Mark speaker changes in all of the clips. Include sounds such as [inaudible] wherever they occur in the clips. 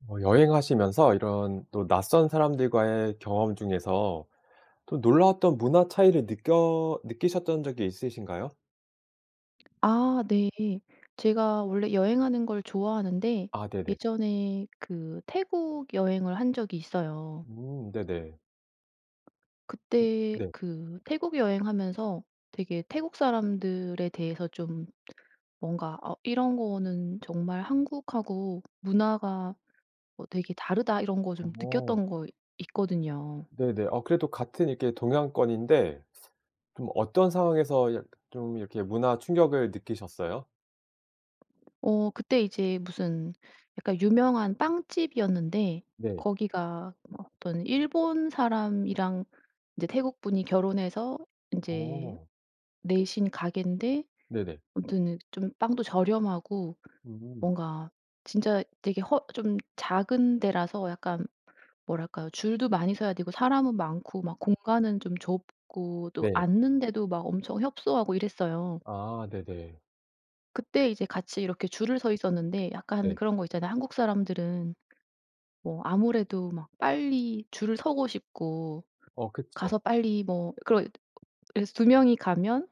Speaker 1: 뭐 여행하시면서 이런 또 낯선 사람들과의 경험 중에서 또 놀라웠던 문화 차이를 느껴 느끼셨던 적이 있으신가요?
Speaker 2: 아. 네. 제가 원래 여행하는 걸 좋아하는데
Speaker 1: 아 네네.
Speaker 2: 예전에 그 태국 여행을 한 적이 있어요.
Speaker 1: 음 네네. 음.
Speaker 2: 그때
Speaker 1: 네.
Speaker 2: 그 태국 여행하면서 되게 태국 사람들에 대해서 좀 뭔가 '어 이런 거는 정말 한국하고 문화가 어 되게 다르다.' 이런 거 좀
Speaker 1: 어.
Speaker 2: 느꼈던 거 있거든요.
Speaker 1: 네네. 어 그래도 같은 이렇게 동양권인데 좀 어떤 상황에서 약 좀 이렇게 문화 충격을 느끼셨어요?
Speaker 2: 어 그때 이제 무슨 약간 유명한 빵집이었는데
Speaker 1: 네.
Speaker 2: 거기가 어떤 일본 사람이랑 이제 태국 분이 결혼해서 인제
Speaker 1: 어.
Speaker 2: 내신 가게인데
Speaker 1: 네네.
Speaker 2: 아무튼 좀 빵도 저렴하고
Speaker 1: 음.
Speaker 2: 뭔가 진짜 되게 허 좀 작은 데라서 약간 뭐랄까요. 줄도 많이 서야 되고 사람은 많고 막 공간은 좀 좁고 또
Speaker 1: 네.
Speaker 2: 앉는데도 막 엄청 협소하고 이랬어요.
Speaker 1: 아 네네.
Speaker 2: 그때 이제 같이 이렇게 줄을 서 있었는데 약간
Speaker 1: 네.
Speaker 2: 그런 거 있잖아요. 한국 사람들은 뭐 아무래도 막 빨리 줄을 서고 싶고
Speaker 1: 어 그쵸.
Speaker 2: 가서 빨리 뭐 그러 그래서 2 명이 가면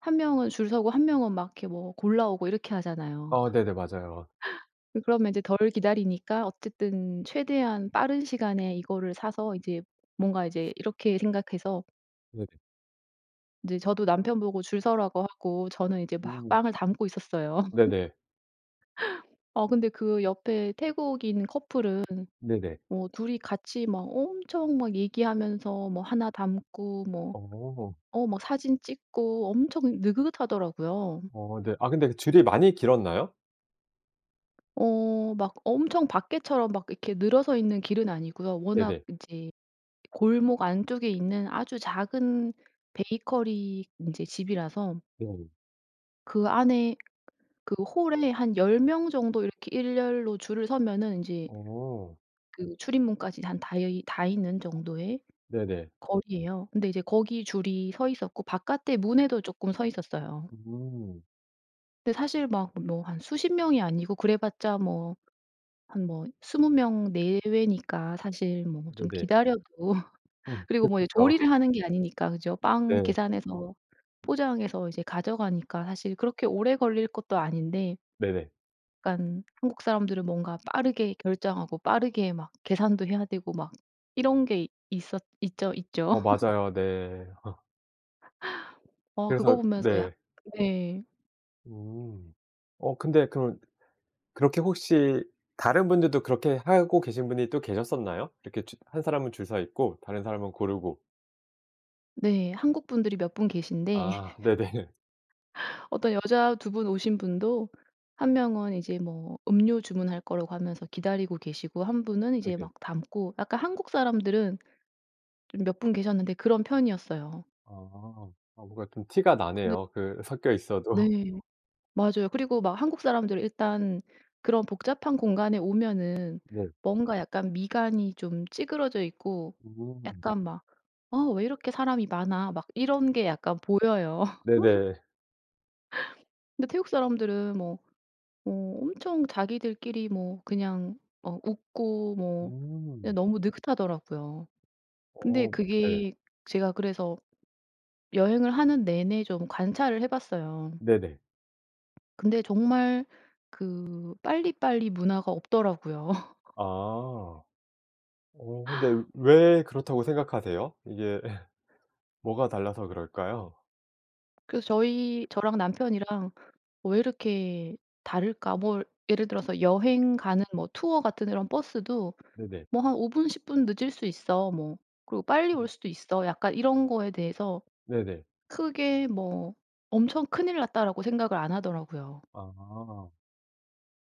Speaker 2: 1 명은 줄 서고 1 명은 막 이렇게 뭐 골라오고 이렇게 하잖아요.
Speaker 1: 어
Speaker 2: [laughs]
Speaker 1: 네네. 맞아요.
Speaker 2: 그 그러면 이제 덜 기다리니까 어쨌든 최대한 빠른 시간에 이거를 사서 이제 뭔가 이제 이렇게 생각해서
Speaker 1: 네네.
Speaker 2: 이제 저도 남편보고 줄 서라고 하고 저는 이제 막
Speaker 1: 음.
Speaker 2: 빵을 담고 있었어요. [laughs]
Speaker 1: 네네.
Speaker 2: 어 근데 그 옆에 태국인 커플은
Speaker 1: 네네.
Speaker 2: 어 2 이 같이 막 엄청 막 얘기하면서 뭐 1 담고 뭐
Speaker 1: 어.
Speaker 2: 어 막 사진 찍고 엄청 느긋하더라고요.
Speaker 1: 어 네. 아 근데 줄이 많이 길었나요?
Speaker 2: 어 막 엄청 밖에처럼 막 이렇게 늘어서 있는 길은 아니고요. 워낙
Speaker 1: 네네.
Speaker 2: 이제 골목 안쪽에 있는 아주 작은 베이커리 인제 집이라서
Speaker 1: 네.
Speaker 2: 그 안에 그 홀에 한 10 명 정도 이렇게 일렬로 줄을 서면은 인제
Speaker 1: 어.
Speaker 2: 그 출입문까지 한 닿여이 닿이는 정도의
Speaker 1: 네네.
Speaker 2: 거리에요. 근데 이제 거기 줄이 서 있었고 바깥에 문에도 쪼끔 서 있었어요.
Speaker 1: 음.
Speaker 2: 근데 사실 막 뭐 한 수십 명이 아니고 그래봤자 뭐 한 뭐 20 명 내외니까 사실 뭐 좀
Speaker 1: 네네.
Speaker 2: 기다려도
Speaker 1: 어
Speaker 2: 그리고 뭐 이제
Speaker 1: 그쵸.
Speaker 2: 조리를
Speaker 1: [laughs]
Speaker 2: 하는 게 아니니까 그죠? 빵
Speaker 1: 네.
Speaker 2: 계산해서 포장해서 이제 가져가니까 사실 그렇게 오래 걸릴 것도 아닌데
Speaker 1: 네네.
Speaker 2: 약간 한국 사람들은 뭔가 빠르게 결정하고 빠르게 막 계산도 해야 되고 막 이런 게 있었 있죠, 있죠.
Speaker 1: 어
Speaker 2: [laughs]
Speaker 1: 맞아요. 네. [laughs]
Speaker 2: 어 그거
Speaker 1: 그래서
Speaker 2: 보면서 약
Speaker 1: 네.
Speaker 2: 네.
Speaker 1: 음 어 근데 그런 그렇게 혹시 다른 분들도 그렇게 하고 계신 분이 또 계셨었나요? 이렇게 주 1 사람은 줄 서있고 다른 사람은 고르고.
Speaker 2: 네. 한국 분들이 몇 분 계신데
Speaker 1: 아
Speaker 2: [laughs]
Speaker 1: 네네.
Speaker 2: 어떤 여자 2 분 오신 분도 1 명은 이제 뭐 음료 주문할 거라고 하면서 기다리고 계시고 1 분은 이제
Speaker 1: 네네.
Speaker 2: 막 담고. 약간 한국 사람들은 좀 몇 분 계셨는데 그런 편이었어요.
Speaker 1: 아. 아 뭔가 좀 티가
Speaker 2: 근데
Speaker 1: 나네요 그 섞여 있어도.
Speaker 2: 네 맞아요. 그리고 막 한국 사람들은 일단 그런 복잡한 공간에 오면은
Speaker 1: 네.
Speaker 2: 뭔가 약간 미간이 좀 찌그러져 있고
Speaker 1: 음.
Speaker 2: 약간 막 '어 왜 이렇게 사람이 많아.' 막 이런 게 약간 보여요. [laughs]
Speaker 1: 네네.
Speaker 2: 근데 태국 사람들은 뭐, 뭐 엄청 자기들끼리 뭐 그냥 어 웃고 뭐 그냥
Speaker 1: 음.
Speaker 2: 너무 느긋하더라고요. 근데
Speaker 1: 어 네.
Speaker 2: 그게 제가 그래서 여행을 하는 내내 좀 관찰을 해 봤어요.
Speaker 1: 네네.
Speaker 2: 근데 정말 그 빨리빨리 문화가 없더라고요. [laughs]
Speaker 1: 아. 어 근데 왜 그렇다고 생각하세요? 이게 [laughs] 뭐가 달라서 그럴까요?
Speaker 2: 그래서 저희 저랑 남편이랑 '왜 이렇게 다를까?' 뭐 예를 들어서 여행 가는 뭐 투어 같은 이런 버스도
Speaker 1: 네네.
Speaker 2: '뭐 한 5 분 10 분 늦을 수 있어. 뭐 그리고 빨리 올
Speaker 1: 음.
Speaker 2: 수도 있어.' 약간 이런 거에 대해서
Speaker 1: 네네.
Speaker 2: 크게 뭐 '엄청 큰일 났다.'라고 생각을 안 하더라고요.
Speaker 1: 아.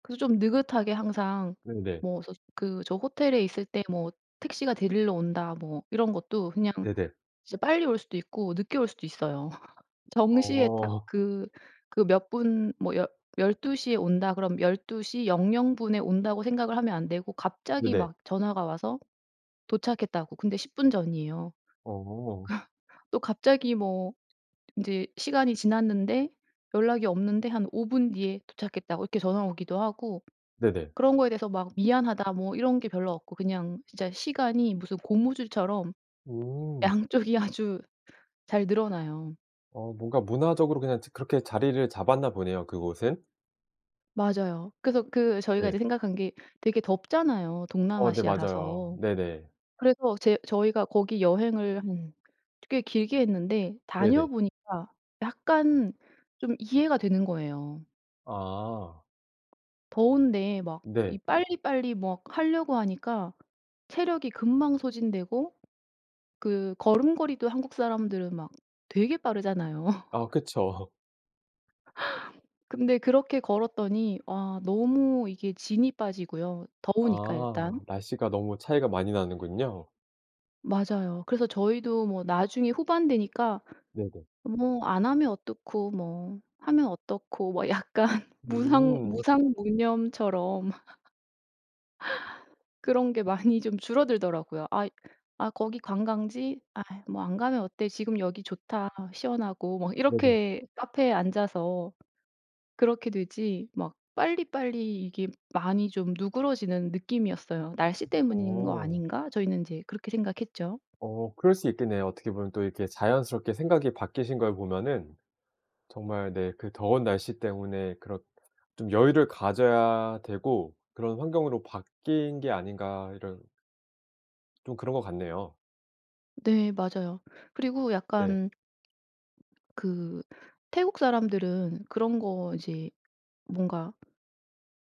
Speaker 2: 그래서 좀 느긋하게 항상
Speaker 1: 네네.
Speaker 2: 뭐 스스 그 저 호텔에 있을 때 뭐 '택시가 데리러 온다.' 뭐 이런 것도 그냥
Speaker 1: 네네.
Speaker 2: 진짜 빨리 올 수도 있고 늦게 올 수도 있어요. [laughs] 정시에 딱
Speaker 1: 어.
Speaker 2: 그 그 몇 분 뭐 10 12 시에 온다 그러면 '12 시 00 분에 온다.'고 생각을 하면 안 되고 갑자기
Speaker 1: 네네.
Speaker 2: 막 전화가 와서 "도착했다."고 근데 10 분 전이에요. 그
Speaker 1: 어.
Speaker 2: 또 갑자기 뭐 인제 시간이 지났는데 연락이 없는데 한 5 분 뒤에 "도착했다."고 이렇게 전화가 오기도 하고
Speaker 1: 네네.
Speaker 2: 그런 거에 대해서 막 "미안하다." 뭐 이런 게 별로 없고 그냥 진짜 시간이 무슨 고무줄처럼
Speaker 1: 음.
Speaker 2: 양쪽이 아주 잘 늘어나요.
Speaker 1: 어 뭔가 문화적으로 그냥 저 그렇게 자리를 잡았나 보네요 그곳은.
Speaker 2: 맞아요. 그래서 그 저희가
Speaker 1: 네.
Speaker 2: 이제 생각한 게 되게 덥잖아요
Speaker 1: 어 네 맞아요.
Speaker 2: 동남아시아라서.
Speaker 1: 네네.
Speaker 2: 그래서 제 저희가 거기 여행을 한 꽤 길게 했는데
Speaker 1: 네네.
Speaker 2: 다녀보니까 약간 좀 이해가 되는 거예요.
Speaker 1: 아.
Speaker 2: 더운데 막
Speaker 1: 네.
Speaker 2: 이 빨리빨리 막 하려고 하니까 체력이 금방 소진되고 그 걸음걸이도 한국 사람들은 막 되게 빠르잖아요.
Speaker 1: 아
Speaker 2: [laughs]
Speaker 1: 그쵸.
Speaker 2: 근데 그렇게 걸었더니 와 너무 이게 진이 빠지고요 더우니까 일단.
Speaker 1: 아 날씨가 너무 차이가 많이 나는군요.
Speaker 2: 맞아요. 그래서 저희도 뭐 나중에 후반 되니까
Speaker 1: 네네.
Speaker 2: 뭐 안 하면 어떻고 뭐 하면 어떻고 뭐 약간 무상
Speaker 1: 음.
Speaker 2: 무상무념처럼 [laughs] 그런 게 많이 좀 줄어들더라고요. 아이 "아 거기 관광지? 아 뭐 안 가면 어때? 지금 여기 좋다. 시원하고." 막
Speaker 1: 네네.
Speaker 2: 이렇게 카페에 앉아서. 그렇게 되지 막 빨리빨리 이게 많이 좀 누그러지는 느낌이었어요. '날씨 때문인 거
Speaker 1: 어.
Speaker 2: 아닌가?' 저희는 인제 그렇게 생각했죠.
Speaker 1: 어 그럴 수 있겠네요. 어떻게 보면 또 이렇게 자연스럽게 생각이 바뀌신 걸 보면은 정말 네 그 더운 날씨 때문에 그렇 좀 여유를 가져야 되고 그런 환경으로 바뀐 게 아닌가 이런 좀 그런 것 같네요.
Speaker 2: 네 맞아요. 그리고
Speaker 1: 네.
Speaker 2: 약간 그 태국 사람들은 그런 거 이제 뭔가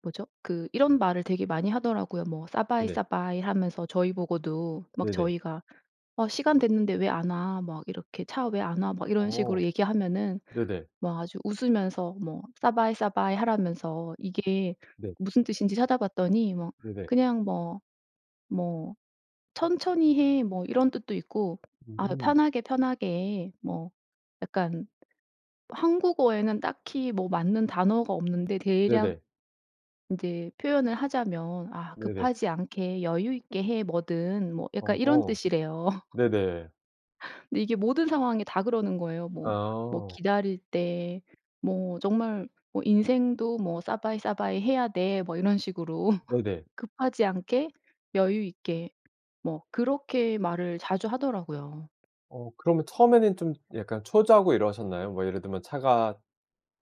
Speaker 2: 뭐죠? 그 이런 말을 되게 많이 하더라고요. 뭐 "สบาย
Speaker 1: 네네.
Speaker 2: สบาย" 하면서 저희 보고도 막
Speaker 1: 네네.
Speaker 2: 저희가 어 "시간 됐는데 왜 안 와?" 막 이렇게 "차 왜 안 와?" 막 이런
Speaker 1: 어.
Speaker 2: 식으로 얘기하면은
Speaker 1: 네네.
Speaker 2: 막 아주 웃으면서 뭐 "สบาย สบาย" 하라면서 이게
Speaker 1: 네.
Speaker 2: 무슨 뜻인지 찾아봤더니 뭐
Speaker 1: 네네.
Speaker 2: 그냥 뭐 뭐 "천천히 해." 뭐 이런 뜻도 있고 아
Speaker 1: 음.
Speaker 2: "편하게 편하게" 뭐 약간 한국어에는 딱히 뭐 맞는 단어가 없는데 대략
Speaker 1: 네네.
Speaker 2: 이제 표현을 하자면 아
Speaker 1: 네네.
Speaker 2: "급하지 않게 여유 있게 해, 뭐든." 뭐 약간 이런
Speaker 1: 어
Speaker 2: 뜻이래요. [laughs]
Speaker 1: 네네.
Speaker 2: 근데 이게 모든 상황에 다 그러는 거예요. 뭐 뭐
Speaker 1: 아.
Speaker 2: 기다릴 때 뭐 정말 뭐 인생도 뭐 "สบาย สบาย 해야 돼." 뭐 이런 식으로. [laughs]
Speaker 1: 네네.
Speaker 2: "급하지 않게, 여유 있게." 뭐 그렇게 말을 자주 하더라고요.
Speaker 1: 어 그러면 처음에는 좀 약간 초조하고 이러셨나요? 뭐 예를 들면 차가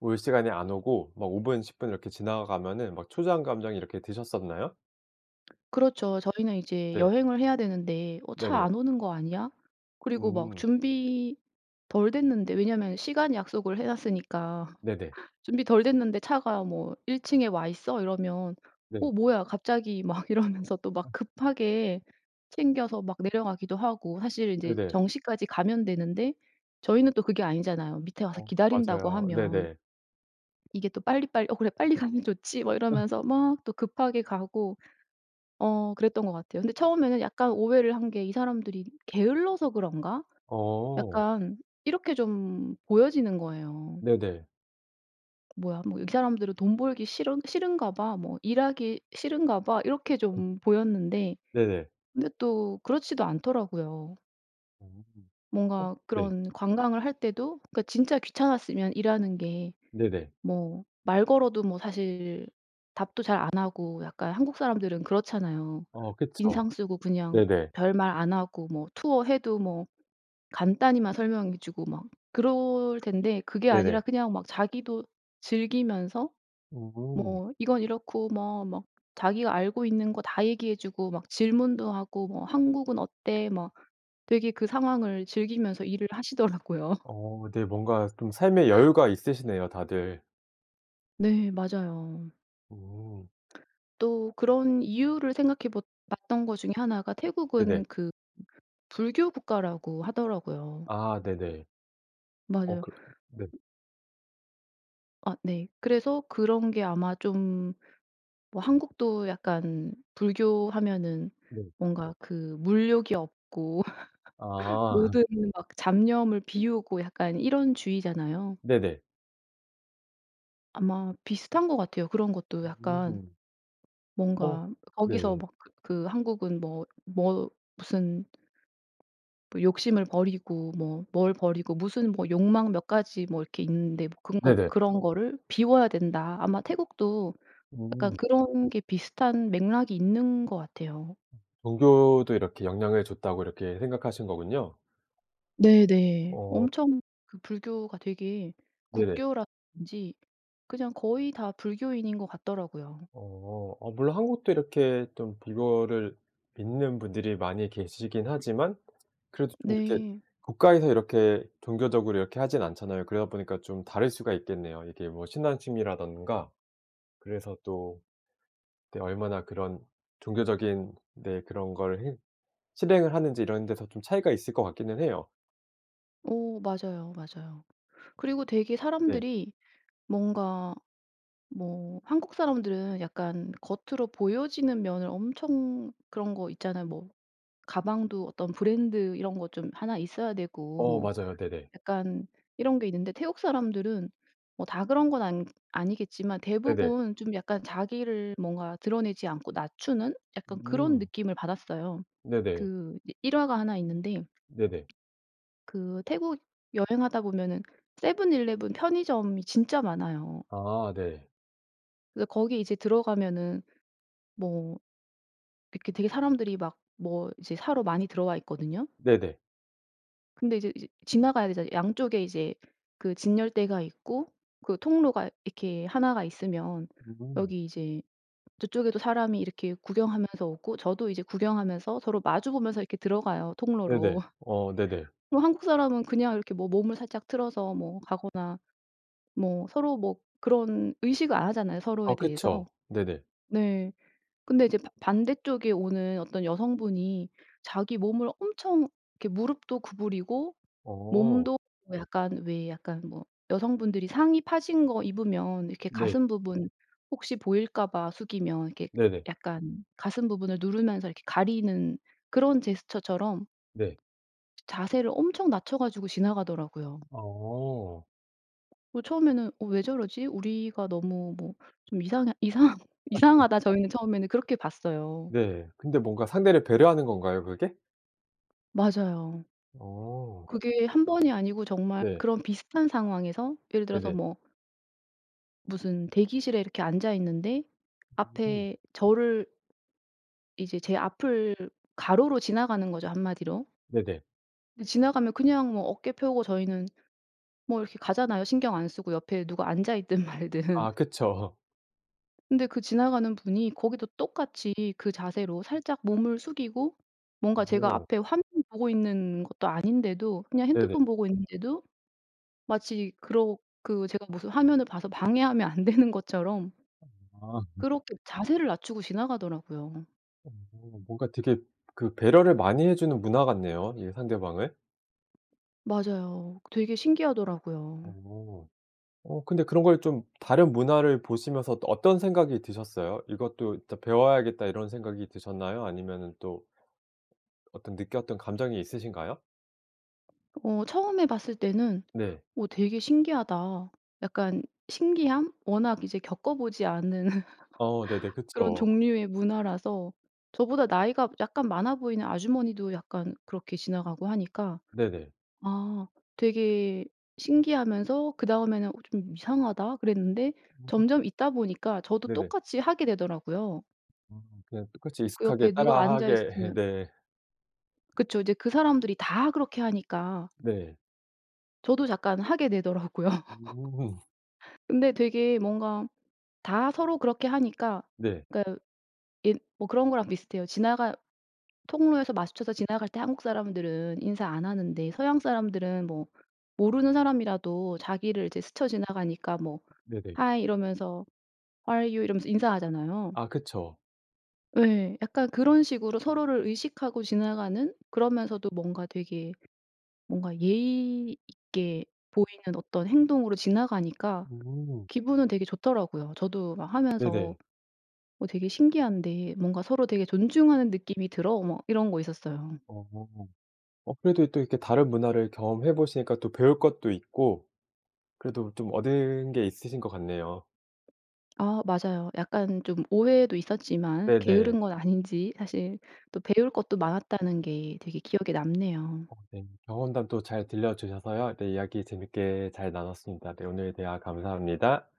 Speaker 1: 올 시간에 안 오고 막 5 분, 10 분 이렇게 지나가면은 막 초조한 감정이 이렇게 드셨었나요?
Speaker 2: 그렇죠. 저희는 이제
Speaker 1: 네.
Speaker 2: 여행을 해야 되는데 '어 차
Speaker 1: 네네.
Speaker 2: 안 오는 거 아니야?' 그리고 막
Speaker 1: 음.
Speaker 2: 준비 덜 됐는데 왜냐하면 시간 약속을 해 놨으니까.
Speaker 1: 네네.
Speaker 2: [laughs] 준비 덜 됐는데 차가 뭐 "1 층에 와 있어." 이러면
Speaker 1: 네.
Speaker 2: '어 뭐야? 갑자기.' 막 이러면서 또 막
Speaker 1: 음.
Speaker 2: 급하게 챙겨서 막 내려가기도 하고. 사실은 인제
Speaker 1: 네네.
Speaker 2: 정시까지 가면 되는데 저희는 또 그게 아니잖아요 밑에 와서
Speaker 1: 어
Speaker 2: 기다린다고
Speaker 1: 맞아요.
Speaker 2: 하면.
Speaker 1: 네네.
Speaker 2: 이게 또 빨리빨리 '어 그래 빨리 가면 좋지.' 막
Speaker 1: [laughs]
Speaker 2: 이러면서 막 또 급하게 가고 어 그랬던 것 같아요. 근데 처음에는 약간 오해를 한 게 '이 사람들이 게을러서 그런가?'
Speaker 1: 어.
Speaker 2: 약간 이렇게 좀 보여지는 거예요.
Speaker 1: 네네.
Speaker 2: '뭐야 뭐 이 사람들은 돈 벌기 싫은 싫은가 봐. 뭐 일하기 싫은가 봐.' 이렇게
Speaker 1: [unintelligible]
Speaker 2: 좀 보였는데
Speaker 1: 네네.
Speaker 2: 근데 또 그렇지도 않더라고요.
Speaker 1: 음. 어
Speaker 2: 뭔가
Speaker 1: 네.
Speaker 2: 그런 관광을 할 때도 그러니까 진짜 귀찮았으면 일하는 게
Speaker 1: 네네.
Speaker 2: 뭐 말 걸어도 뭐 사실 답도 잘 안 하고 약간 한국 사람들은 그렇잖아요.
Speaker 1: 어 그쵸.
Speaker 2: 인상 쓰고 그냥
Speaker 1: 네네.
Speaker 2: 별말 안 하고 뭐 투어 해도 뭐 간단히만 설명해 주고 막 그럴 텐데 그게 아니라
Speaker 1: 네네.
Speaker 2: 그냥 막 자기도 즐기면서
Speaker 1: 음.
Speaker 2: 뭐 이건 이렇고 뭐 막 자기가 알고 있는 거 다 얘기해 주고 막 질문도 하고 뭐 "한국은 어때?" 뭐 되게 그 상황을 즐기면서 일을 하시더라고요.
Speaker 1: 어 네. 뭔가 좀 삶의 여유가 있으시네요 다들.
Speaker 2: 네 맞아요.
Speaker 1: 음.
Speaker 2: 또 그런 이유를 생각해 봇 봤던 것 중에 1 가
Speaker 1: 네네.
Speaker 2: 태국은 그 불교 국가라고 하더라고요.
Speaker 1: 아 네네. 어
Speaker 2: 맞아요.
Speaker 1: 그 네.
Speaker 2: 아 네. 그래서 그런 게 아마 좀 뭐 한국도 약간 불교하면은
Speaker 1: 네.
Speaker 2: 뭔가 그 물욕이 없고 [laughs]
Speaker 1: 아. [laughs]
Speaker 2: 모든 막 잡념을 비우고 약간 이런 주의잖아요.
Speaker 1: 네네.
Speaker 2: 아마 비슷한 것 같아요. 그런 것도 약간
Speaker 1: 음. 어.
Speaker 2: 뭔가 거기서
Speaker 1: 네.
Speaker 2: 막 그 그 한국은 뭐 뭐 무슨 뭐 욕심을 버리고 뭐 뭘 버리고 무슨 뭐 욕망 몇 가지 뭐 이렇게 있는데 그런 거
Speaker 1: 네네.
Speaker 2: "그런 거를 비워야 된다." 아마 태국도 약간
Speaker 1: 음.
Speaker 2: 그런 게 비슷한 맥락이 있는 것 같아요.
Speaker 1: 음 종교도 이렇게 영향을 줬다고 이렇게 생각하신 거군요.
Speaker 2: 네네.
Speaker 1: 어.
Speaker 2: 엄청 그 불교가 되게
Speaker 1: 네네.
Speaker 2: 국교라든지 그냥 거의 다 불교인인 것 같더라고요.
Speaker 1: 어. 어 물론 한국도 이렇게 좀 불교를 믿는 분들이 많이 계시긴 하지만 그래도 좀 이렇게
Speaker 2: 네.
Speaker 1: 국가에서 이렇게 종교적으로 이렇게 하진 않잖아요. 그러다 보니까 좀 다를 수가 있겠네요. 이게 뭐 신앙심이라든가. 그래서 또 그때 얼마나 그런 종교적인 네 그런 걸 행 실행을 하는지 이런 데서 좀 차이가 있을 것 같기는 해요.
Speaker 2: 어 맞아요, 맞아요. 그리고 되게
Speaker 1: 네.
Speaker 2: 사람들이 뭔가 뭐 한국 사람들은 약간 겉으로 보여지는 면을 엄청 그런 거 있잖아요. 뭐 가방도 어떤 브랜드 이런 거 좀 1 있어야 되고
Speaker 1: 어
Speaker 2: 뭐
Speaker 1: 맞아요. 네네.
Speaker 2: 약간 이런 게 있는데 태국 사람들은 뭐 다 그런 건 안 아니겠지만
Speaker 1: 네네.
Speaker 2: 대부분 좀 약간 자기를 뭔가 드러내지 않고 낮추는 약간 그런
Speaker 1: 음.
Speaker 2: 느낌을 받았어요.
Speaker 1: 네네.
Speaker 2: 그 이제 일화가 1 있는데
Speaker 1: 네네.
Speaker 2: 그 태국 여행하다 보면은 세븐일레븐 편의점이 진짜 많아요.
Speaker 1: 아 네.
Speaker 2: 그래서 거기 이제 들어가면은 뭐 이렇게 되게 사람들이 막 뭐 이제 사러 많이 들어와 있거든요.
Speaker 1: 네네.
Speaker 2: 근데 이제 이제 지나가야 되잖아요. 양쪽에 이제 그 진열대가 있고 그 통로가 이렇게 1 가 있으면
Speaker 1: 음.
Speaker 2: 여기 이제 저쪽에도 사람이 이렇게 구경하면서 오고 저도 이제 구경하면서 서로 마주 보면서 이렇게 들어가요
Speaker 1: 네네.
Speaker 2: 통로로. [laughs]
Speaker 1: 어 네네.
Speaker 2: 그럼 한국 사람은 그냥 이렇게 뭐 몸을 살짝 틀어서 뭐 가거나 뭐 서로 뭐 그런 의식을 안 하잖아요 서로에
Speaker 1: 어
Speaker 2: 대해서.
Speaker 1: 그쵸. 네네.
Speaker 2: 네. 근데 이제 바 반대쪽에 오는 어떤 여성분이 자기 몸을 엄청 이렇게 무릎도 구부리고
Speaker 1: 어.
Speaker 2: 몸도 어 약간 왜 약간 뭐 여성분들이 상의 파진 거 입으면 이렇게
Speaker 1: 네.
Speaker 2: 가슴 부분 혹시 보일까 봐 숙이면 이렇게
Speaker 1: 네네.
Speaker 2: 약간 가슴 부분을 누르면서 이렇게 가리는 그런 제스처처럼
Speaker 1: 네.
Speaker 2: 자세를 엄청 낮춰 가지고 지나가더라고요.
Speaker 1: 어.
Speaker 2: 어 처음에는 '어 왜 저러지? 우리가 너무 뭐 좀 이상하 이상
Speaker 1: [laughs]
Speaker 2: 이상하다.' 저희는 처음에는 그렇게 봤어요.
Speaker 1: 네. 근데 뭔가 상대를 배려하는 건가요 그게?
Speaker 2: 맞아요.
Speaker 1: 어.
Speaker 2: 그게 1 번이 아니고 정말
Speaker 1: 네.
Speaker 2: 그런 비슷한 상황에서 예를 들어서
Speaker 1: 네네.
Speaker 2: 뭐 무슨 대기실에 이렇게 앉아있는데
Speaker 1: 음.
Speaker 2: 앞에 저를 이제 제 앞을 가로로 지나가는 거죠 한마디로.
Speaker 1: 네네.
Speaker 2: 지나가면 그냥 뭐 어깨 펴고 저희는 뭐 이렇게 가잖아요. 신경 안 쓰고 옆에 누가 앉아있든 말든.
Speaker 1: 아 그쵸.
Speaker 2: 근데 그 지나가는 분이 거기도 똑같이 그 자세로 살짝 몸을 숙이고 뭔가 제가
Speaker 1: 어.
Speaker 2: 앞에 화면 보고 있는 것도 아닌데도 그냥
Speaker 1: 네네.
Speaker 2: 핸드폰 보고 있는데도 마치 그러 그 제가 무슨 화면을 봐서 방해하면 안 되는 것처럼
Speaker 1: 아. [laughs]
Speaker 2: 그렇게 자세를 낮추고 지나가더라고요.
Speaker 1: 어 뭔가 되게 그 배려를 많이 해주는 문화 같네요 이 상대방을.
Speaker 2: 맞아요. 되게 신기하더라고요.
Speaker 1: 어. 어 근데 그런 걸 좀 다른 문화를 보시면서 어떤 생각이 드셨어요? '이것도 진짜 배워야겠다.' 이런 생각이 드셨나요? 아니면은 또 어떤 느꼈던 감정이 있으신가요?
Speaker 2: 어 처음에 봤을 때는
Speaker 1: 네.
Speaker 2: '어 되게 신기하다.' 약간 신기함? 워낙 이제 겪어보지 않은
Speaker 1: 어 네네.
Speaker 2: [laughs] 그런
Speaker 1: 그쵸.
Speaker 2: 종류의 문화라서 저보다 나이가 약간 많아보이는 아주머니도 약간 그렇게 지나가고 하니까
Speaker 1: 네네.
Speaker 2: 아 되게 신기하면서 그다음에는 '어 좀 이상하다.' 그랬는데
Speaker 1: 음.
Speaker 2: 점점 있다 보니까 저도
Speaker 1: 네네.
Speaker 2: 똑같이 하게 되더라고요.
Speaker 1: 아 그냥 똑같이
Speaker 2: 그
Speaker 1: 익숙하게
Speaker 2: 옆에 누가 앉아
Speaker 1: 따라하게 [laughs]
Speaker 2: 있으면
Speaker 1: 네.
Speaker 2: 그쵸. 이제 그 사람들이 다 그렇게 하니까
Speaker 1: 네.
Speaker 2: 저도 잠깐 하게 되더라고요. [laughs]
Speaker 1: 음.
Speaker 2: 근데 되게 뭔가 다 서로 그렇게 하니까
Speaker 1: 네.
Speaker 2: 그니까 예 뭐 그런 거랑 비슷해요. 지나가 통로에서 마주쳐서 지나갈 때 한국 사람들은 인사 안 하는데 서양 사람은 뭐 모르는 사람이라도 자기를 이제 스쳐 지나가니까 뭐
Speaker 1: 네네.
Speaker 2: Hi. 이러면서 How are you? 이러면서 인사하잖아요.
Speaker 1: 아 그쵸.
Speaker 2: 예. 약간 그런 식으로 서로를 의식하고 지나가는 그러면서도 뭔가 되게 뭔가 예의 있게 보이는 어떤 행동으로 지나가니까
Speaker 1: 음.
Speaker 2: 기분은 되게 좋더라고요. 저도 막 하면서
Speaker 1: 네네.
Speaker 2: '어 되게 신기한데 뭔가 서로 되게 존중하는 느낌이 들어.' 뭐 이런 거 있었어요.
Speaker 1: 어. 어 그래도 또 이렇게 다른 문화를 경험해 보시니까 또 배울 것도 있고 그래도 좀 얻은 게 있으신 것 같네요.
Speaker 2: 아 맞아요. 약간 좀 오해도 있었지만
Speaker 1: 네네.
Speaker 2: 게으른 건 아닌지 사실 또 배울 것도 많았다는 게 되게 기억에 남네요.
Speaker 1: 어 네. 경험담 또 잘 들려 주셔서요. 네 이야기 재밌게 잘 나눴습니다. 네 오늘 대화 감사합니다.